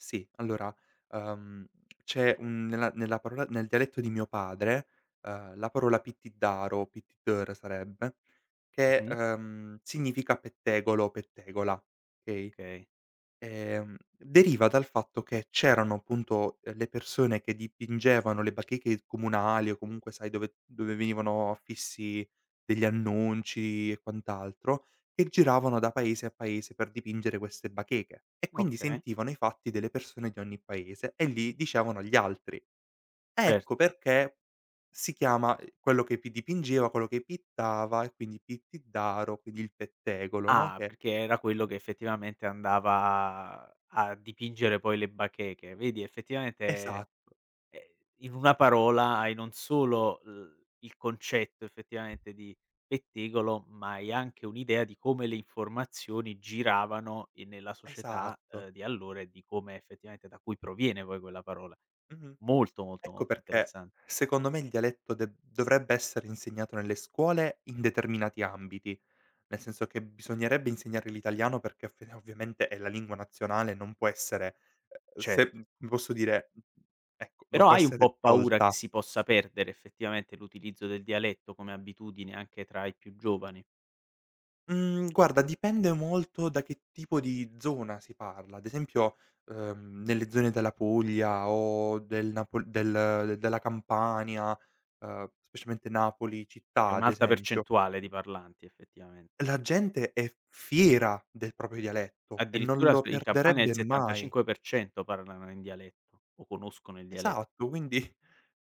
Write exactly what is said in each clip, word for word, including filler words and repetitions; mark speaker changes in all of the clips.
Speaker 1: Sì, allora, ehm, c'è, mhmm, nella nella parola nel dialetto di mio padre, ehm, la parola pittiddaro, pittiddèro sarebbe, che,
Speaker 2: Mh-mh.
Speaker 1: ehm, significa pettegolo, pettegola, okay?
Speaker 2: Okay.
Speaker 1: Ehm, deriva dal fatto che c'erano appunto delle persone che dipingevano le bacheche comunali o comunque sai dove dove venivano affissi degli annunci e quant'altro, che giravano da paese a paese per dipingere queste bacheche e quindi
Speaker 2: Okay.
Speaker 1: sentivano i fatti delle persone di ogni paese e li dicevano gli altri.
Speaker 2: Cert
Speaker 1: Ecco perché si chiama quello che pi dipingeva, quello che pittava, e quindi pittiddaro, quindi il pettegolo, no,
Speaker 2: Ah,
Speaker 1: che
Speaker 2: perché era quello che effettivamente andava a dipingere poi le bacheche. Vedi effettivamente,
Speaker 1: Esatto.
Speaker 2: ehm, in una parola hai non solo l il concetto effettivamente di pettegolo, ma hai anche un'idea di come le informazioni giravano in nella società,
Speaker 1: Esatto.
Speaker 2: ehm, di allora e di come effettivamente da cui proviene poi quella parola.
Speaker 1: Mh-mh.
Speaker 2: Molto, molto,
Speaker 1: Ecco
Speaker 2: molto
Speaker 1: perché
Speaker 2: interessan
Speaker 1: secondo me il dialetto de dovrebbe essere insegnato nelle scuole, in determinati ambiti. Nel senso che bisognerebbe insegnare l'italiano, perché ovvia ovviamente è la lingua nazionale, non può essere, ehm,
Speaker 2: Ce
Speaker 1: se posso dire, ecco, non
Speaker 2: Però
Speaker 1: può
Speaker 2: hai un
Speaker 1: essere
Speaker 2: po' paura che
Speaker 1: tolta.
Speaker 2: si possa perdere effettivamente l'utilizzo del dialetto come abitudine, anche tra i più giovani?
Speaker 1: Mhmm, guarda dipende molto da che tipo di zona si parla. Ad esempio, ehm, nelle zone della Puglia o del napol del della Campania, ehm, specialmente Napoli
Speaker 2: È
Speaker 1: città ad
Speaker 2: un'alta
Speaker 1: esempio
Speaker 2: percentuale di parlanti effettivamen
Speaker 1: la gente è f fiera del proprio dialetto e non
Speaker 2: Addirittura
Speaker 1: lo
Speaker 2: in Campania il
Speaker 1: perderebbe mai.
Speaker 2: settantacinque per cento parlano in dialetto o conoscono il diale
Speaker 1: Esatto, quindi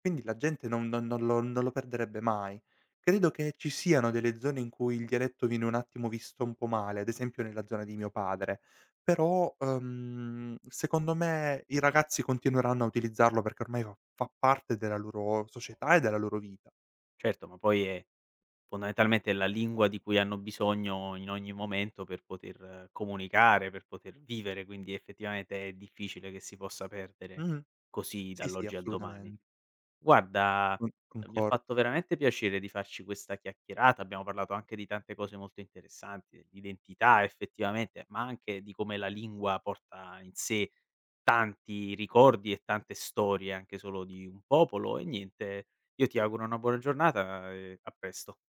Speaker 1: quindi la gente non no non lo non lo perderebbe mai. Credo che ci siano delle zone in cui il dialetto viene un attimo visto un po' male, ad esempio nella zona di mio padre, però, ehm, secondo me i ragazzi continueranno a utilizzarlo perché ormai va fa parte della loro società e della loro vita.
Speaker 2: Certo, ma poi è fondamentalmente la lingua di cui hanno bisogno in ogni momento per poter comunicare, per poter vivere, quindi effettivamente è difficile che si possa perdere
Speaker 1: Mh-mh.
Speaker 2: così
Speaker 1: Sì, sì,
Speaker 2: dall'oggi al domani.
Speaker 1: assolutamen
Speaker 2: Guarda,
Speaker 1: Con
Speaker 2: mi ha
Speaker 1: concor
Speaker 2: fatto veramente piacere di farci questa chiacchierata, abbiamo parlato anche di tante cose molto interessanti, di identità effettivamente, ma anche di come la lingua porta in sé tanti ricordi e tante storie, anche solo di un popolo. E niente, io ti auguro una buona giornata e a presto.